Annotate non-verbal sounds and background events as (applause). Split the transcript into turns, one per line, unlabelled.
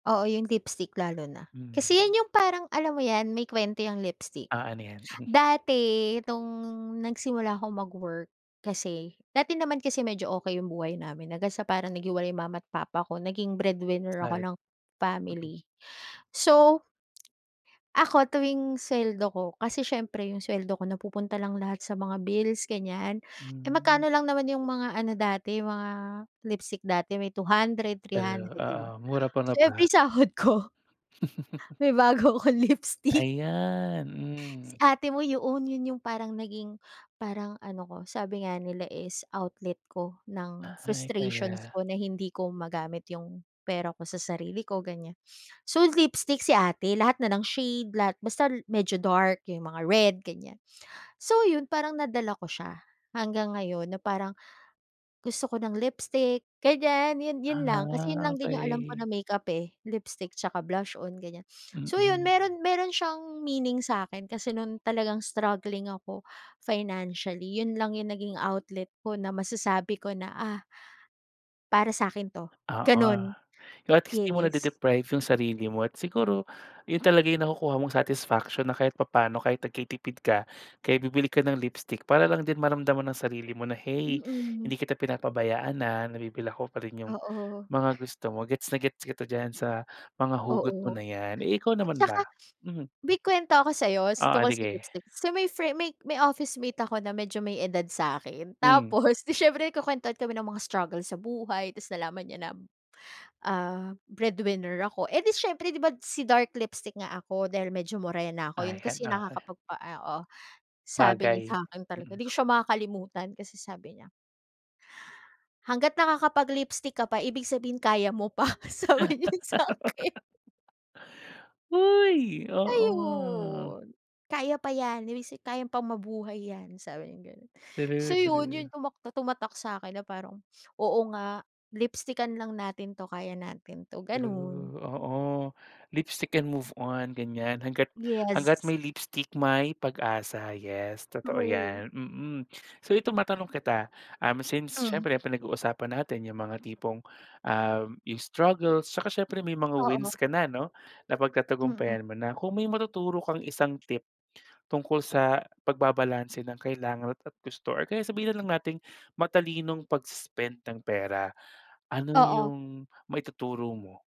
Oo, 'yung lipstick lalo na.
Hmm.
Kasi yan yung, parang alam mo yan, may kuwento yang lipstick.
Ah, ano yan? (scoffs)
Dati, itong nagsimula akong mag-work kasi- dati naman kasi medyo okey yung buhay namin, hanggang sa parang naghiwalay mama't papa ko- naging breadwinner ako
At
ng
mm.
family. So, (smacks lips) ako, tuwing suweldo ko, kasi siyempre yung suweldo ko, napupunta lang lahat sa mga bills, ganiyan. Eh,
Hmm.
magkano lang naman yung mga ano dati, mga lipstick dati, may 200, three
Eh,
hundred, 'di ba?
oo, mura pa,
So,
'no,
every
pa
sahod ko
(laughs)
may bago akong lipstick.
Ayan,
Si
hmm.
ate mo, yoon, 'yon yung parang naging parang ano ko, sabi nga nila is outlet ko ng
Ay,
frustrations
kaya
ko na hindi ko magamit yung pera ko sa sarili ko, ganiyan. So, lipstick si ate, lahat na ng shade, lahat basta l medyo dark, yung mga red, ganiyan. So, 'yon parang nadala ko siya, hanggang ngayon, na parang, gusto ko ng lipstick, ganiyan, 'yon, 'yon lang, kasi 'yon
Ah,
lang din yung alam ko na
okey.
makeup, eh, lipstick tsaka blush-on, ganiyan. (sniffs) So, 'yon,
Mm.
meron meron siyang meaning sa'kin, kasi no'ng talagang, struggling ako, financially, 'yon lang yung naging outlet ko, na masasabi ko na, ah "Para sa'kin 'to".
Oo,
gano'n
pero, at least, 'di mo
yes.
nade-deprive yung sarili mo. At siguro, 'yon talaga yung nakukuha mong satisfaction, na kahit papa'no, kahit nagtitipid ka, kaya bibili ka ng lipstick, para lang din maramdaman ng sarili mo na, "Hey,
Mm.
hindi kita pinapabayaan, ah, nabibili ko pa rin yung,
Oo.
mga gusto mo", gets na gets kita diyan sa, mga hugot mo
Oo.
na yan. Eh, ikaw
At
naman ba?
saka, (sniffs)
Mm.
may kuwento ko sa'yo, sa
Oo,
tungkol sa
sige.
lipstick. So, may frie may, may officemate ako na medyo may edad sa'kin,
Hmm.
tapos, 'di siyempre, kukuwentuhan kami ng mga struggle sa buhay, tapos nalaman niya na, ah, breadwinner ako. Eh, 'di siyempre, 'di ba, si dark lipstick nga ako, dahil medyo morena ako, 'yon
Ayan,
kasi
okey.
nakakapagpa ah, oo. Sabi niya
Bagay,
sa'kin talaga,
mm.
'di ko siya makakalimutan, kasi sabi niya "Hanggat nakakapag-lipstick ka pa, ibig sabihin kaya mo pa", sabi niya sa'kin.
(laughs) Hoy! Oo.
Ayun, "Kaya pa yan, ibig sabihin kaya pang mabuhay yan", sabi niyang gano'n. So,
True,
'yon, yung
true.
tumak tumatak sa'kin, na parang, "Oo nga, lipstickan lang natin 'to, kaya natin 'to", gano'n.
True, oo, lipstick and move on, ganiyan, hangga't hangga't
Yes.
may lipstick, may pag-asa, yes, totoo
True.
yan, mm. So, ito matanong kita, um, since,
Mm.
siyempre pinag-uusapan natin yung mga tipong, ah, yung struggle, 'tsaka siyempre may mga
Oo.
wins ka na, 'no,
Mm.
napagtatagumpayan mo na. Kung may matuturo kang isang tip, tungkol sa pagbabalanse ng kailangan at gusto, or kaya sabihin lang nating, matalinong pag-spend ng pera, ano
Oo.
yung maituturo mo?